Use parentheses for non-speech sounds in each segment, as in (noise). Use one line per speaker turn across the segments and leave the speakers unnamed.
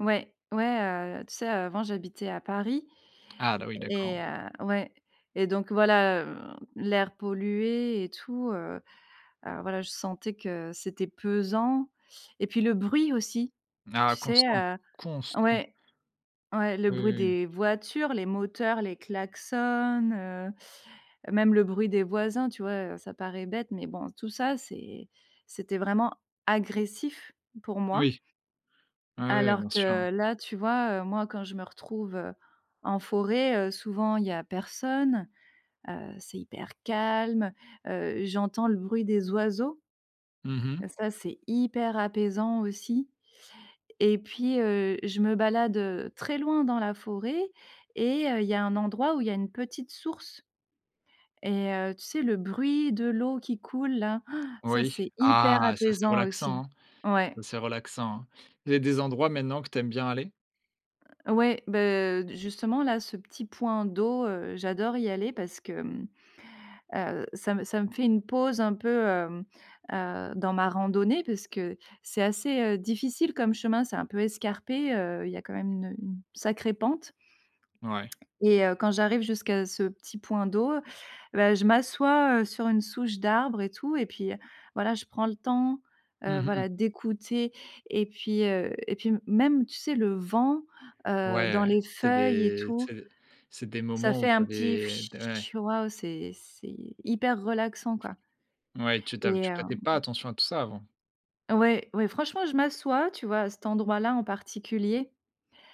Ouais. Ouais, heu, tu sais, heu, avant j'habitais à Paris.
Ah bah, oui,
Et
d'accord.
heu ouais, et donc voilà, heu, l'air pollué et tout, heu, alors voilà, je sentais que c'était pesant. Et puis, le bruit aussi. Tu
Ah
sais?
constant,
Heu.
constant.
Ouais. Ouais, le
Oui,
bruit
oui, oui.
des voitures, les moteurs, les klaxons, heu, même le bruit des voisins, tu vois? Heu, ça paraît bête, mais bon, tout ça, c'est c'était vraiment agressif pour moi.
Oui. Oui, oui, bien
Alors
sûr, hein.
que là, tu vois, heu, moi, quand je me retrouve, heu, en forêt, heu, souvent il y a personne, heu, c'est hyper calme, heu, j'entends le bruit des oiseaux.
Mmh mh.
Heu, ça, c'est hyper apaisant aussi. Et puis, heu, je me balade, heu, très loin dans la forêt et heu, il y a un endroit où il y a une petite source. Et heu, tu sais, le bruit de l'eau qui coule là, (inhales) ça,
Oui.
c'est hyper
Ah, ça, c'est
apaisant aussi.
relaxant, hein.
Ouais.
Ça c'est relaxant, hein. Il y a des
C
endroits maintenant que tu aimes bien aller?
Heu, ouais, beh, heu, justement, là ce petit point d'eau, heu, j'adore y aller parce que, mmh, heu, ça me ça me fait une pause un peu, hem, heu, dans ma randonnée. Parce que c'est assez, heu, difficile comme chemin, c'est un peu escarpé, heu, il y a quand même une, heu, une sacrée pente.
Ouais.
Et heu, quand j'arrive jusqu'à ce petit point d'eau, bah, je m'assois, heu, sur une souche d'arbre et tout, et puis, heu, voilà, je prends le temps, heu,
Mmh mh.
voilà d'écouter. Et puis, heu, et puis m même, tu sais, le vent, heu, dans
Ouais,
les
c'est
feuilles, et
des
tout.
c'est d c'est des
Ça
moments où
fait
tu
un petit
avais, t ouais.
«fchi», waouh, c'est c'est hyper relaxant, quoi.
Ouais, tu ta
Et
tu prêtais pas
hem
attention à tout ça, avant.
Ouais. Ouais, franchement, je m'assois, tu vois, à cet endroit là, en particulier.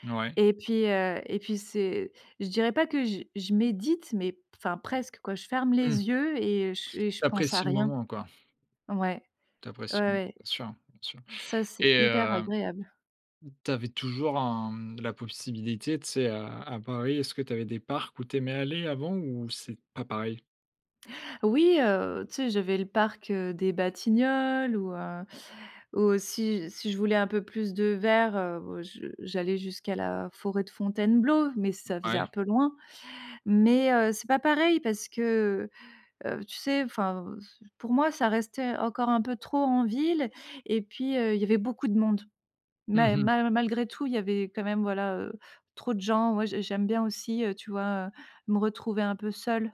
Ouais.
Et puis, heu, et puis, c'est je dirais pas que je je médite, mais p enfin presque, quoi, je ferme
Mmh.
les yeux et je et je
Tu
pense à
apprécies le
rien.
moment, quoi.
Ouais.
Tu
Ouais,
apprécies le bien
ouais.
sûr, bien sûr.
Ça, c'est
Et
hyper
heu,
agréable.
tu avais toujours un, mmh, la possibilité, tu sais, à à Paris, est-ce que tu avais des parcs où tu aimais aller avant ou c'est pas pareil?
Oui, heu, tu sais, j'avais le parc, heu, des Batignolles ou heu, aussi, si je voulais un peu plus de vert, heu, bah, je j'allais jusqu'à la forêt de Fontainebleau, mais ça faisait un
Ouais.
peu loin. Mais, heu, c'est pas pareil parce que, heu, tu sais, enfin, c pour moi ça restait encore un peu trop en ville. Et puis, heu, il y avait beaucoup de monde.
Mmh
Ma
mh.
ma malgré tout, il y avait quand même, voilà, heu, trop de gens, moi, j'ai j'aime bien aussi, heu, tu vois, me retrouver un peu seule.